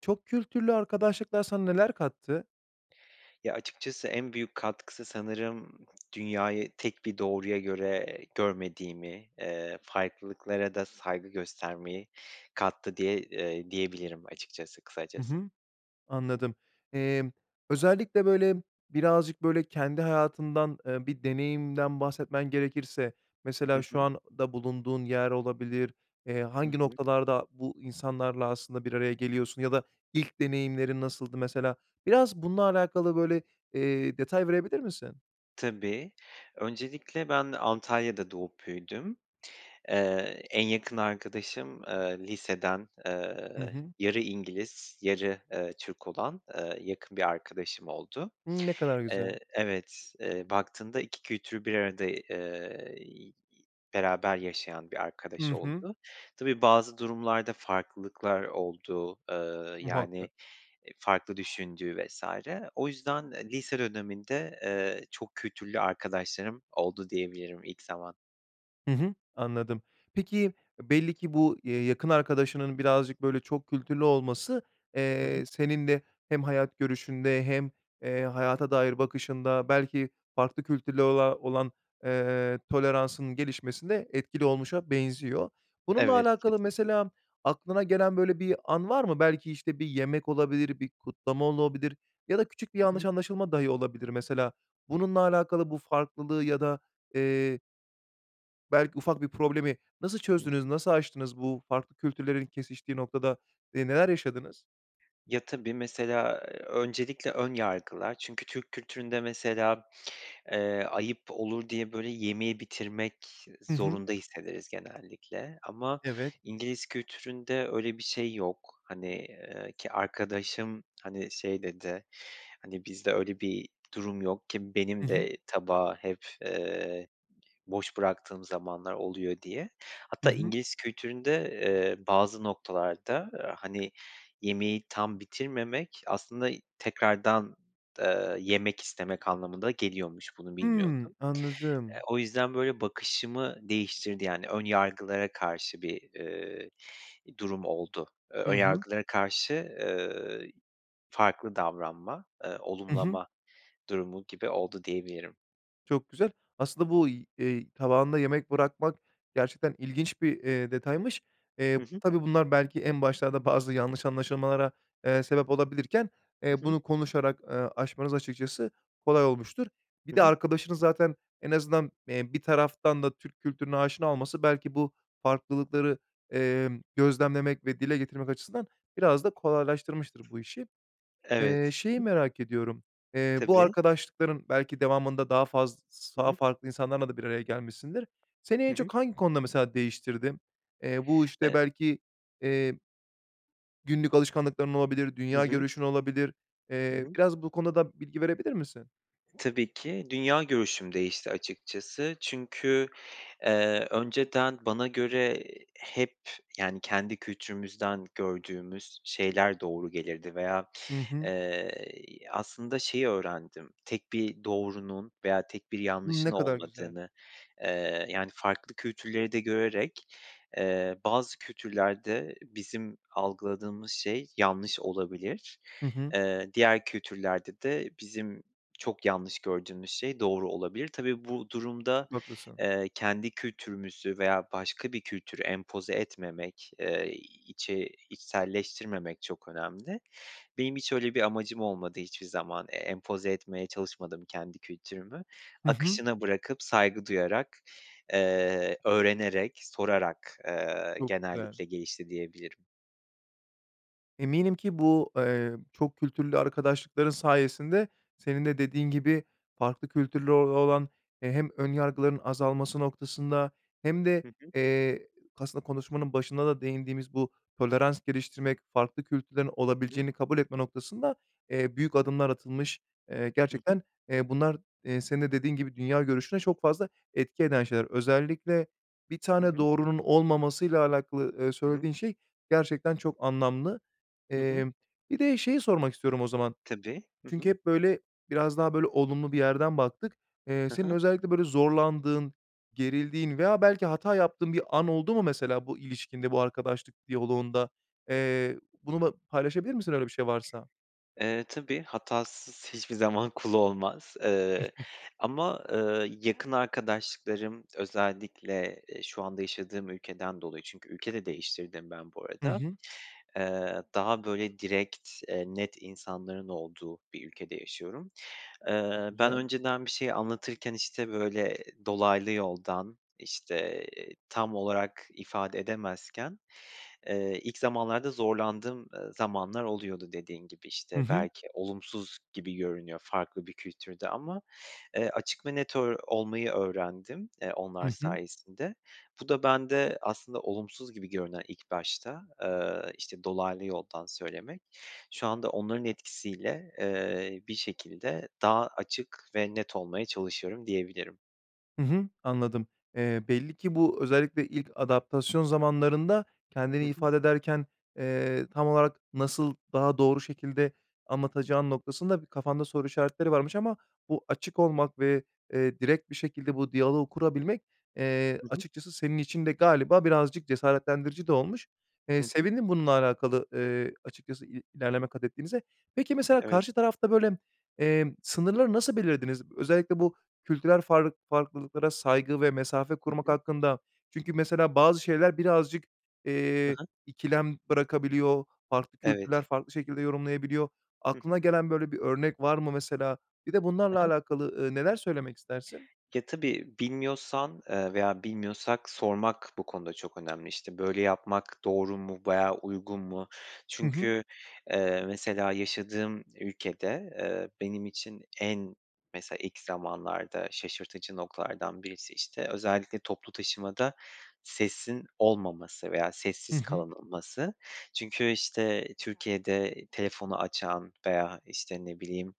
Çok kültürlü arkadaşlıklar sana neler kattı? Ya, açıkçası en büyük katkısı, sanırım dünyayı tek bir doğruya göre görmediğimi, eee, farklılıklara da saygı göstermeyi kattı diye eee, diyebilirim açıkçası, Hı kısacası. hı. Anladım. Emm, özellikle, böyle, birazcık böyle kendi hayatından, eee, bir deneyimden bahsetmen gerekirse Hı mesela şu hı. anda bulunduğun yer olabilir, eee, Hı hangi hı. noktalarda bu insanlarla aslında bir araya geliyorsun ya da ilk deneyimlerin nasıldı mesela? Biraz bununla alakalı, böyle, eee, detay verebilir misin? Tabii. Öncelikle, ben Antalya'da doğup büyüdüm. Eee, en yakın arkadaşım, eee, liseden, Hı eee, hı. yarı İngiliz, yarı, eee, Türk olan, eee, yakın bir arkadaşım oldu. Hımm. Ne kadar Eee, güzel. evet, eee, baktığında, 2 kültürü bir arada, eee, iii, beraber yaşayan bir arkadaş Hı hı. oldu. Tabii, bazı durumlarda farklılıklar oldu. Eee, yani, Muhakkak. eee, farklı düşündüğü vs. O yüzden, eee, lise döneminde, eee, çok kültürlü arkadaşlarım oldu diyebilirim ilk zaman. Hı hı, anladım. Peki e, belli ki bu, eee, yakın arkadaşının birazcık, böyle, çok kültürlü olması, Hı hı. eee, senin de hem hayat görüşünde hem, eee, hayata dair bakışında, belki farklı kültürlere ola olan, eee, toleransının gelişmesinde etkili olmuşa benziyor. Bununla Evet, alakalı, kesinlikle. mesela, aklına gelen, böyle, bir an var mı? Belki, işte, bir yemek olabilir, bir kutlama olabilir ya da küçük bir Hı yanlış hı. anlaşılma dahi olabilir mesela. Bununla alakalı, bu farklılığı ya da, eee belki ufak bir problemi, nasıl Hı çözdünüz, hı. nasıl aştınız bu farklı kültürlerin kesiştiği noktada, eee, neler yaşadınız? Ya, tabii, mesela öncelikle ön yargılar. Çünkü Türk kültüründe mesela, eee, ayıp olur diye, böyle, yemeği bitirmek Hı hı. zorunda hissederiz genellikle. Ama Evet. İngiliz kültüründe öyle bir şey yok. Hani, ııı, ki arkadaşım, hani, şey dedi, hani, “Bizde öyle bir durum yok. Ki Hı benim hı. de tabağı hep, eee, boş bıraktığım zamanlar oluyor.” diye. Hı Hatta hı. İngiliz kültüründe, eee, bazı noktalarda, aaa, hani, yemeği tam bitirmemek aslında tekrardan, eee, yemek istemek anlamına da geliyormuş, bunu Hıı, bilmiyordum. Eee, anladım. o yüzden, böyle, bakışımı değiştirdi. Yani ön yargılara karşı bir, eee, durum oldu. Eee, Hı ön hı. yargılara karşı, eee, farklı davranma, eee, Hı hı. olumlama durumu gibi oldu, diyebilirim. Çok güzel. Aslında bu y eee, tabağında yemek bırakmak gerçekten ilginç bir, eee, detaymış. Hı Eee, hı. tabii bunlar belki en başlarda bazı yanlış anlaşılmalara, eee, sebep olabilirken, eee, Hı hı. bunu konuşarak, ııı, aşmanız açıkçası kolay olmuştur. Bir Hı de hı. arkadaşını zaten en azından, eee, bir taraftan da Türk kültürüne aşina olması belki bu farklılıkları, emm, gözlemlemek ve dile getirmek açısından biraz da kolaylaştırmıştır bu işi. Eee, Evet. Hı şeyi hı. merak ediyorum, eee, bu Tabii. arkadaşlıkların belki devamında daha faz s Hı daha hı. farklı insanlarla da bir araya gelmişsindir. Seni Hı en hı. çok hangi konuda mesela değiştirdi? Eee, bu işte Eee belki, eee, günlük alışkanlıkların olabilir, Hı dünya hı. görüşün olabilir. Hı Eee, hı. biraz bu konuda da bilgi verebilir misin? Tabii ki. Dünya görüşüm değişti açıkçası. Çünkü, eee, önceden bana göre hep, yani kendi kültürümüzden gördüğümüz şeyler doğru gelirdi veya, Hı hı. eee, aslında şeyi öğrendim. Tek bir doğrunun veya tek bir Iıı, yanlışın ne kadar güzel. olmadığını. Eee, yani farklı kültürleri de görerek, eee, bazı kültürlerde bizim algıladığımız şey yanlış olabilir. Hı hı. Eee, diğer kültürlerde de bizim çok yanlış gördüğümüz şey doğru olabilir. Tabii bu durumda, Çok haklısın. eee, kendi kültürümüzü veya başka bir kültürü empoze etmemek, eee, içe içselleştirmemek çok önemli. Benim hiç öyle bir amacım olmadı hiçbir zaman. Eee, empoze etmeye çalışmadım kendi kültürümü. Hı hı. Akışına bırakıp, saygı duyarak, eee, öğrenerek, sorarak, eee, Çok güzel. genellikle gelişti diyebilirim. Eminim ki bu, eee, çok kültürlü arkadaşlıkların sayesinde senin de dediğin gibi farklı kültürlere o olan, eee, hem önyargıların azalması noktasında hem de, Hı hı. eee, aslında konuşmanın başında da değindiğimiz bu tolerans geliştirmek, farklı kültürlerin Hı hı. olabileceğini kabul etme noktasında, eee, büyük adımlar atılmış. Eee, Hı hı. gerçekten, eee, bunlar, eee, senin de dediğin gibi dünya görüşüne çok fazla etki eden şeyler. Özellikle 1 Hı tane hı. doğrunun olmamasıyla alakalı, eee, Hı hı. söylediğin şey gerçekten çok anlamlı. Hı hı. Emm, bir de şeyi sormak istiyorum o zaman. Tabii. Hı Çünkü hı. hep böyle, biraz daha böyle olumlu bir yerden baktık. Eee, Ha senin ha. özellikle böyle zorlandığın, gerildiğin veya belki hata yaptığın bir an oldu mu mesela bu ilişkinde, bu arkadaşlık diyaloğunda? Eee, bunu ba paylaşabilir misin öyle bir şey varsa? Eee, tabii. Hatasız hiçbir zaman kul olmaz, eee, ama, ııı, yakın arkadaşlıklarım özellikle, eee, şu anda yaşadığım ülkeden dolayı Çünkü ülke de değiştirdim ben bu Hı arada. hı. Eee, daha böyle direkt, eee, net insanların olduğu bir ülkede yaşıyorum. Çok Eee, ben güzel. önceden bir şeyi anlatırken, işte, böyle dolaylı yoldan, işte tam olarak ifade edemezken, eee, ilk zamanlarda zorlandığım, ııı, zamanlar oluyordu dediğin gibi. Hı İşte, hı. belki olumsuz gibi görünüyor farklı bir kültürde ama, eee, açık ve net ör olmayı öğrendim, eee, onlar Hı hı. sayesinde. Bu da bende aslında olumsuz gibi görünen ilk başta, eee, işte dolaylı yoldan söylemek. Şu anda onların etkisiyle, eee, bir şekilde daha açık ve net olmaya çalışıyorum diyebilirim. Hı hı, anladım. Eee, belli ki bu özellikle ilk adaptasyon zamanlarında Hı kendini hı. ifade ederken, eee, tam olarak nasıl daha doğru şekilde anlatacağın noktasında bir kafanda soru işaretleri varmış ama bu açık olmak ve, eee, direkt bir şekilde bu diyaloğu kurabilmek, eee, Hı hı. açıkçası senin için de galiba birazcık cesaretlendirici de olmuş. Eee, Hı hı. sevindim bununla alakalı, eee, açıkçası i ilerleme katettiğinize. Peki, mesela Evet. karşı tarafta, böyle, eee, sınırları nasıl belirlediniz? Özellikle bu kültürel farl farklılıklara saygı ve mesafe Hı korumak hı. hakkında. Çünkü mesela bazı şeyler birazcık, Ha eee, ha. ikilem bırakabiliyor. Farklı kültürler Evet. farklı şekilde yorumlayabiliyor. Hı hı. Aklına gelen böyle bir örnek var mı mesela? Bir de Ha bunlarla ha. alakalı, ııı, neler söylemek istersin? Ya, tabii bilmiyorsan, ııı, veya bilmiyorsak sormak bu konuda çok önemli. İşte, böyle yapmak doğru mu veya uygun mu? Hı hı. Çünkü, eee, mesela yaşadığım ülkede, eee, benim için en mesela ilk zamanlarda şaşırtıcı noktalardan birisi, işte, özellikle toplu taşımada sesin olmaması veya Hı sessiz hı. kalınılması. Çünkü, işte, Türkiye'de telefonu açan veya, işte, ne bileyim,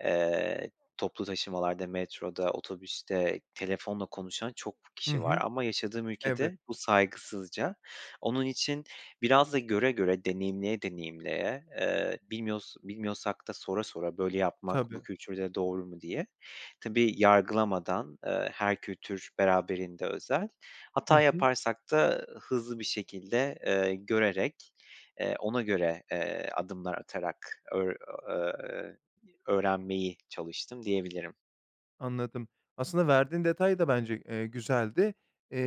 eee, toplu taşımalarda, metroda, otobüste telefonla konuşan çok Hı kişi var hı. ama yaşadığım Evet. ülkede bu saygısızca. Onun için biraz da göre göre, deneyimleye deneyimleye, eee, bilmiyos bilmiyorsak da sora sora "Böyle yapmak bu Tabii. kültürde doğru mu?" diye. Tabii, yargılamadan, eee, her kültür beraberinde özel. Hı Hata hı. yaparsak da hızlı bir şekilde, ııı, görerek, eee, ona göre, eee, adımlar atarak öğr ııı, eee, öğrenmeyi çalıştım diyebilirim. Anladım. Aslında verdiğin detay da bence, eee, güzeldi.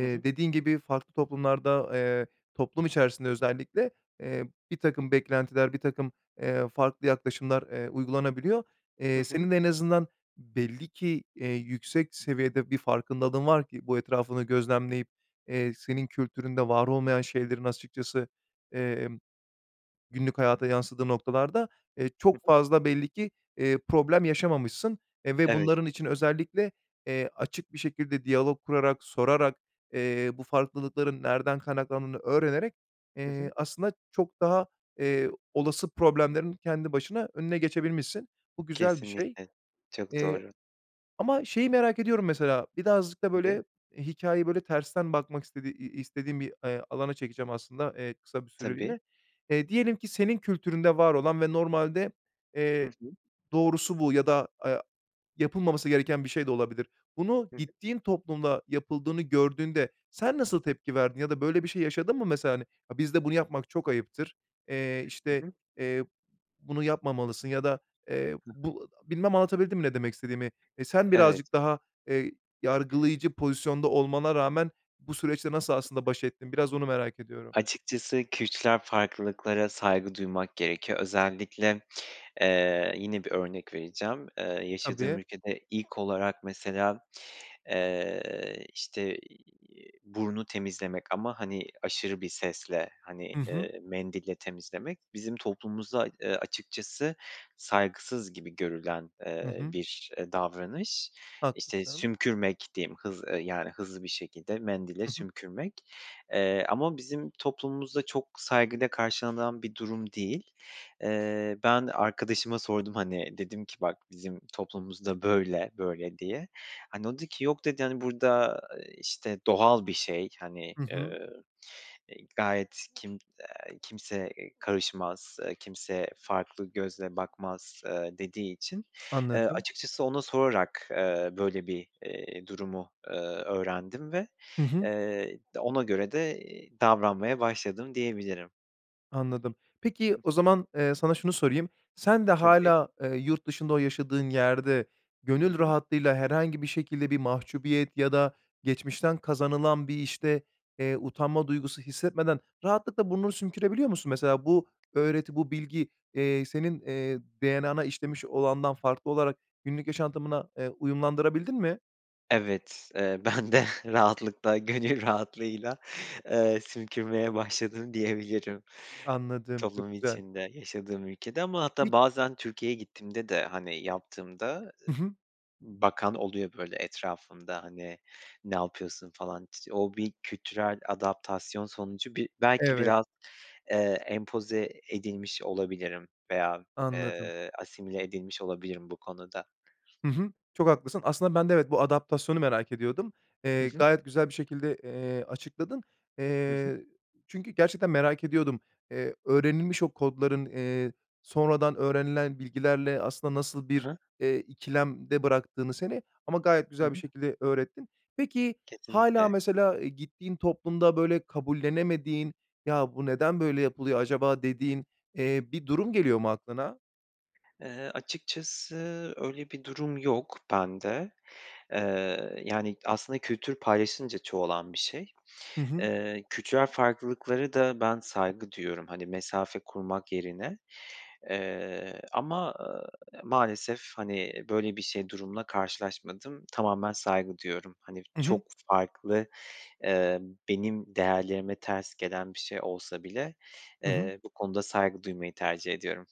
Hı hı. dediğin gibi farklı toplumlarda, eee, toplum içerisinde özellikle, eee, birtakım beklentiler, birtakım, eee, farklı yaklaşımlar, eee, uygulanabiliyor. Hı Eee, hı. senin de en azından belli ki, eee, yüksek seviyede bir farkındalığın var ki bu etrafını gözlemleyip, eee, senin kültüründe var olmayan şeylerin açıkçası, emm, günlük hayata yansıdığı noktalarda, eee, Hı çok hı. fazla belli ki, eee, problem yaşamamışsın. Eee, ve Evet. bunların için özellikle, eee, açık bir şekilde diyalog kurarak, sorarak, eee, bu farklılıkların nereden kaynaklandığını öğrenerek, Hı eee, hı. aslında çok daha, eee, olası problemlerin kendi başına önüne geçebilmişsin. Bu güzel bir şey. Kesinlikle. Çok Eee, doğru. ama şeyi merak ediyorum mesela, birazcık da, Tabii. böyle, hikâyeyi, böyle, tersten bakmak istediği i i istediğim bir, eee, alana çekeceğim aslında, eee, kısa bir Tabii. süreliğine. Eee, diyelim ki senin kültüründe var olan ve normalde, Hı eee, hı. doğrusu bu ya da, aya yapılmaması gereken bir şey de olabilir. Bunu Hı hı. gittiğin toplumda yapıldığını gördüğünde sen nasıl tepki verdin? Ya da böyle bir şey yaşadın mı mesela, hani, "Ha, bizde bunu yapmak çok ayıptır. Eee, Hı işte, hı. eee, b bunu yapmamalısın ya da eee, Hı hı. bu a" bilmem anlatabildim mi ne demek istediğimi? Eee, sen Evet. birazcık daha, eee, yargılayıcı pozisyonda olmana rağmen bu süreçle nasıl aslında baş ettin? Biraz onu merak ediyorum. Açıkçası kültürel farklılıklara saygı duymak gerekiyor. Özellikle, eee, yine bir örnek vereceğim. Eee, yaşadığım Tabii. ülkede ilk olarak mesela, eee, işte, iii, burnu temizlemek ama, hani, aşırı bir sesle, hani, I hı. eee, mendille temizlemek bizim toplumumuzda, eee, açıkçası saygısız gibi görülen, Hı eee, hı. bir, eee, davranış. İşte, Haklısın. sümkürmek diyeyim, hız yani, hızlı bir şekilde mendile I hı. sümkürmek. Eee, ama bizim toplumumuzda çok saygıyla karşılanan bir durum değil. Eee, ben arkadaşıma sordum, hani, dedim ki "Bak, bizim toplumumuzda böyle böyle." diye. Hani, o dedi ki, yok dedi, hani, burada, eee, işte, doğal bir şey, hani, I hı. eee, eee, gayet s kim, eee, kimse, eee, karışmaz, eee kimse farklı gözle bakmaz. eee, dediği için, eee, Anladım. açıkçası ona sorarak, eee, böyle, bir, eee, durumu, eee, öğrendim ve, Hı hı. eee, d ona göre de, eee, davranmaya başladım diyebilirim. Anladım. Peki o Hı hı. zaman, eee, sana şunu sorayım. Sen de Tabii. hâlâ, eee, yurt dışında o yaşadığın yerde Hı gönül hı. rahatlığıyla herhangi bir şekilde bir mahcubiyet ya da geçmişten kazanılan bir, işte, eee, utanma duygusu hissetmeden rahatlıkla burnunu sümkürebiliyor musun? Mesela bu öğreti, bu bilgi, eee, senin, eee, DNA'na işlemiş olandan farklı olarak günlük yaşantımına, eee, uyumlandırabildin mi? Evet, eee, ben de rahatlıkla, gönül rahatlığıyla eee, sümkürmeye başladım diyebilirim Anladım çok toplum güzel. içinde, yaşadığım ülkede. Ama hatta Vit bazen Türkiye'ye gittiğimde de, hani, yaptığımda, eee, Hı hı. bakan oluyor, böyle, etrafımda, hani, "Ne yapıyorsun?" falan. T o bir kültürel adaptasyon sonucu bir belki Evet. biraz, eee, empoze edilmiş olabilirim veya, Anladım. eee, asimile edilmiş olabilirim bu konuda. Hı hı. Çok haklısın. Aslında ben de evet, bu adaptasyonu merak ediyordum. Hı Eee, hı. gayet güzel bir şekilde, eee, açıkladın. Hı hı. Eee, çünkü gerçekten merak ediyordum, eee, öğrenilmiş o kodların, eee, sonradan öğrenilen bilgilerle aslında nasıl Ha bir, ha. eee, ikilemde bıraktığını seni ama gayet Hı güzel bir hı. şekilde öğrettin. Peki, hâlâ Kesinlikle. mesela gittiğin toplumda, böyle, kabullenemediğin "Ya, bu neden böyle yapılıyor acaba?" dediğin, eee, bir durum geliyor mu aklına? Eee, açıkçası öyle bir durum yok bende. Eee, yani aslında kültür paylaşılınca çoğalan bir şey. Hı hı. Eee, kültürel farklılıklara da ben saygı duyuyorum, hani, mesafe kurmak yerine. Eee, ama, eee, maalesef hani böyle bir şey, durumla karşılaşmadım. Tamamen saygı duyuyorum. Hani Hı hı. çok farklı, eee, benim değerlerime ters gelen bir şey olsa bile, Hı hı. eee, bu konuda saygı duymayı tercih ediyorum.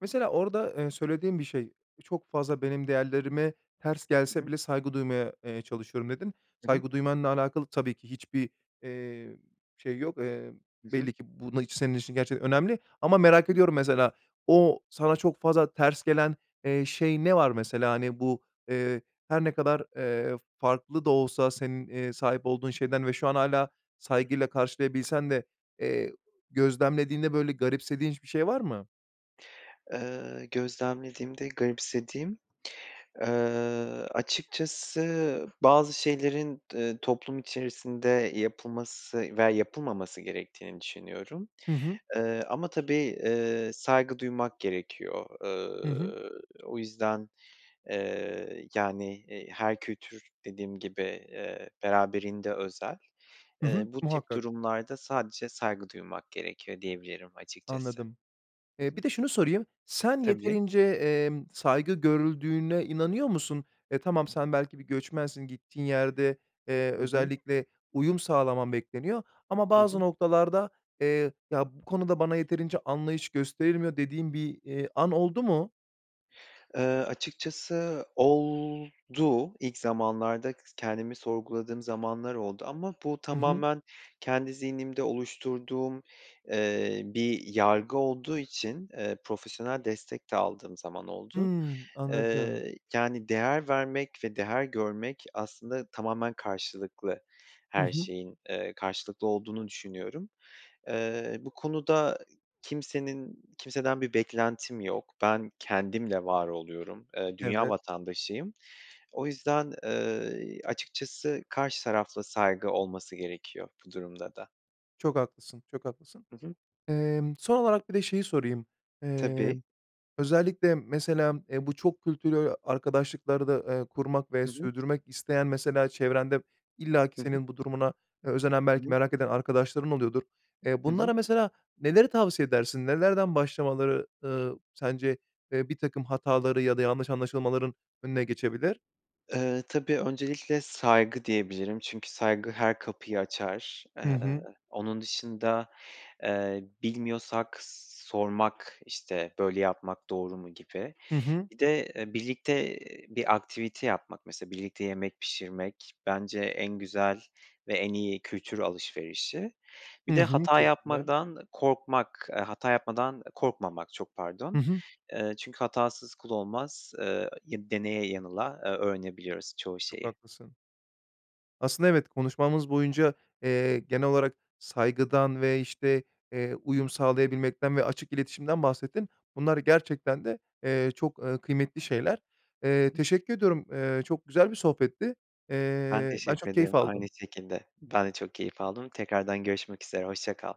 Mesela orada, eee, söylediğin bir şey, çok fazla benim değerlerime ters Hı gelse hı. bile saygı duymaya, eee, çalışıyorum dedin. Hı hı. Saygı duymanla alakalı tabii ki hiçbir, eee, şey yok. Eee, Hı hı. belli ki bu na iç senin için gerçekten önemli ama merak Hı hı. ediyorum mesela o, sana çok fazla ters gelen, eee, şey ne var mesela? Hani bu, eee, her ne kadar, eee, farklı da olsa senin, eee, sahip olduğun şeyden ve şu an hâlâ saygıyla karşılayabilsen de, eee, gözlemlediğinde böyle garipsediğin hiç bir şey var mı? Eee, gözlemlediğimde garipsediğim, eee, açıkçası bazı şeylerin d eee, toplum içerisinde yapılması veya yapılmaması gerektiğini düşünüyorum. Hı hı. Iıı, ama tabii, ııı, saygı duymak gerekiyor. Hı hı. Iıı, o yüzden, eee, yani, eee, her kültür dediğim gibi, eee, beraberinde özel. Hı Eee, hı, bu tip muhakkak. durumlarda sadece saygı duymak gerekiyor diyebilirim açıkçası. Anladım. Hı Eee, hı. bir de şunu sorayım, sen Tabii. yeterince, emm, saygı görüldüğüne inanıyor musun? E, tamam, sen belki bir göçmensin, gittiğin yerde, eee, Hı hı. özellikle uyum sağlaman bekleniyor ama Hı bazı hı. noktalarda, eee, "Ya bu konuda bana yeterince anlayış gösterilmiyor." dediğin bir, iii, an oldu mu? Eee, açıkçası oldu. İlk zamanlarda kendimi sorguladığım zamanlar oldu ama bu Hı hı. tamamen kendi zihnimde oluşturduğum, eee, bir yargı olduğu için, eee, profesyonel destek de aldığım zaman oldu. Hıı, anladım. Iıı, yani, değer vermek ve değer görmek aslında tamamen karşılıklı. Hı Her hı. şeyin, eee, karşılıklı olduğunu düşünüyorum. Eee, bu konuda kimsenin kimseden bir beklentim yok. Ben kendimle var oluyorum. Eee, dünya Evet. vatandaşıyım. O yüzden, eee, açıkçası karşı tarafla saygı olması gerekiyor bu durumda da. Çok haklısın, çok haklısın. Hı hı. Emm, son olarak, bir de şeyi sorayım. Eee, Tabii. özellikle, mesela, eee, bu çok kültürlü arkadaşlıklarda, eee, kurmak ve Hı hı. sürdürmek isteyen, mesela, çevrende illaki Hı hı. senin bu durumuna özenen, Hı belki hı. merak eden arkadaşların oluyordur. Eee, Hı hı. bunlara, mesela, neleri tavsiye edersin? Nelerden başlamaları, ııı, sence, eee, birtakım hataları ya da yanlış anlaşılmaların önüne geçebilir? Eee, tabii. Öncelikle, saygı diyebilirim çünkü saygı her kapıyı açar. Hı Eee, hı. onun dışında, eee, bilmiyorsak sormak, işte, böyle yapmak doğru mu, gibi. Hı hı. Bir de, eee, birlikte bir aktivite yapmak. Mesela, birlikte yemek pişirmek, bence en güzel ve en iyi kültür alışverişi. Hı Bir de hı. hata Çok güzel. yapmadan korkmak, eee, hata yapmadan korkmamak, çok Hı pardon. hı. Eee, çünkü hatasız kul olmaz. Eee, ya deneye yanıla, eee, öğrenebiliyoruz çoğu Çok şeyi. haklısın. Aslında, evet, konuşmamız boyunca, eee, genel olarak saygıdan ve, işte, eee, uyum sağlayabilmekten ve açık iletişimden bahsettin. Bunlar gerçekten de, eee, çok, ııı, kıymetli şeyler. Hı Eee, hı. teşekkür ediyorum. Eee, çok güzel bir sohbetti. Ben Eee, ben teşekkür çok keyif ederim. Aynı aldım. şekilde. Ben de çok keyif aldım. Tekrardan görüşmek üzere. Hoşça kal.